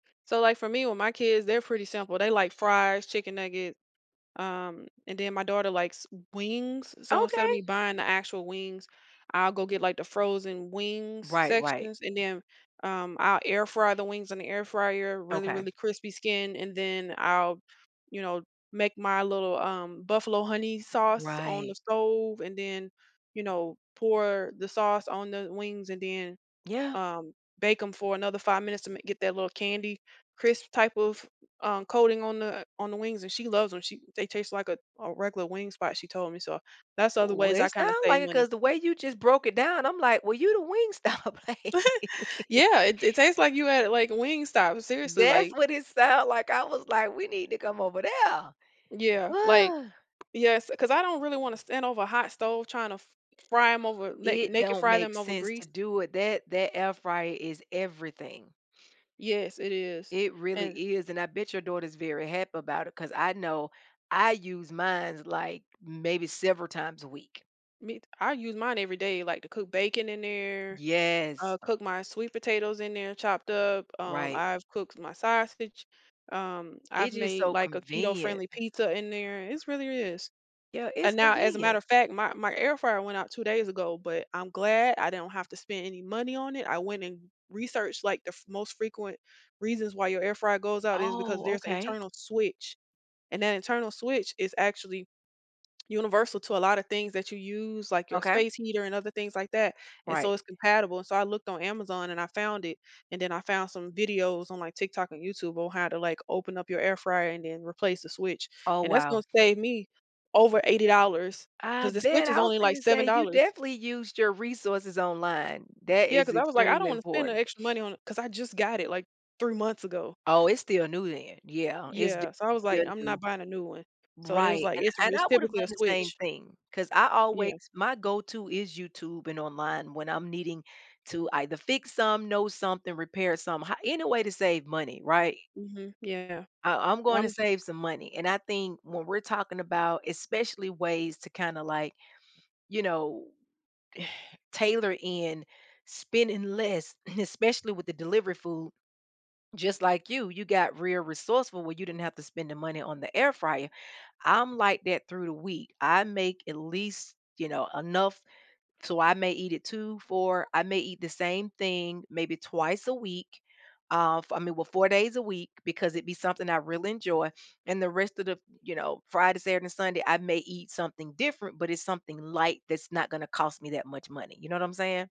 So, like, for me, with my kids, they're pretty simple. They like fries, chicken nugget, um, and then my daughter likes wings, so instead of me Okay. buying the actual wings, I'll go get, like, the frozen wings Right, right. sections, and then, um, I'll air fry the wings in the air fryer, really, Okay. really crispy skin and then I'll, you know, make my little, um, buffalo honey sauce on Right. the stove, and then, you know, pour the sauce on the wings, and then, Yeah. um, bake 'em for another 5 minutes to ma get that little candy crisp type of, um, coating on the on the wings and she loves 'em, she they taste like a a regular wing spot, she told me. So that's the other ways We I it kinda sound save like it money. 'cause the way you just broke it down, I'm like, "Well, you the Wingstop." Yeah, it it tastes like you had, like, Wingstop. Seriously, That's like what it sound like. I was like, "We need to come over Yeah, like there!" Yes, 'cause I don't really wanna stand over a hot stove trying to f fry 'em over make It make it don't fry make 'em over sense to grease. do it. That that air fryer is everything. Yes, it is, It really and is, and I bet your daughter's very happy about it 'cause I know I use mines, like, maybe several times a week. Meat, I use mine every day, like to cook bacon in there, Yes. uh, cook my sweet potatoes in there, chopped up, um, Right. I've cooked my sausage, um, I've It's just made so like a convenient. keto-friendly pizza in there, it's really is. Yeah, it's And now, as a matter convenient. of fact, my my air fryer went out 2 days ago, but I'm glad I didn't have to spend any money on it. I went and researched like the f most frequent reasons why your air fryer goes out is because Oh, there's an okay. internal switch and that internal switch is actually universal to a lotta things that you use, like your Okay. space heater and other things like that and Right. so it's compatible, and so I looked on Amazon and I found it. And then I found some videos on like TikTok and YouTube on how to, like, open up your air fryer and then replace the switch Oh, and that's wow. gonna save me over $80 I 'cause the bet, switch is I was only like gonna say seven you dollars. definitely used your resources online, that Yeah, is ‘cause I was like, "I don't extremely wanna spend the important. extra money on it," 'cause I just got it like 3 months ago. Oh, it's still new then, yeah, it's d Yeah, so I was still like, "I'm not new. buying a new one." So they was, Right, like, and "It’s and ris I would have typically done a the same switch." thing 'cause I always Yeah. my go to is YouTube and online when I'm needing to either fix some, know something, repair some hi any way to save money, right? Mhm. Yeah. Uh, I'm gonna I'm save some money and I think when we're talking about especially ways to kinda like, you know, tailor in, spending less, especially with the delivery food, just like you, you got real resourceful where you didn't have to spend the money on the air fryer. I'm like that through the week. I make at least, you know, enough so I may eat it 2, 4 I may eat the same thing maybe twice a week, uh, for, I mean, well, 4 days a week because it'd be something I really enjoy and the rest of the, you know, Friday, Saturday, Sunday, I may eat something different, but it's something light that's not gonna cost me that much money, you know what I'm saying?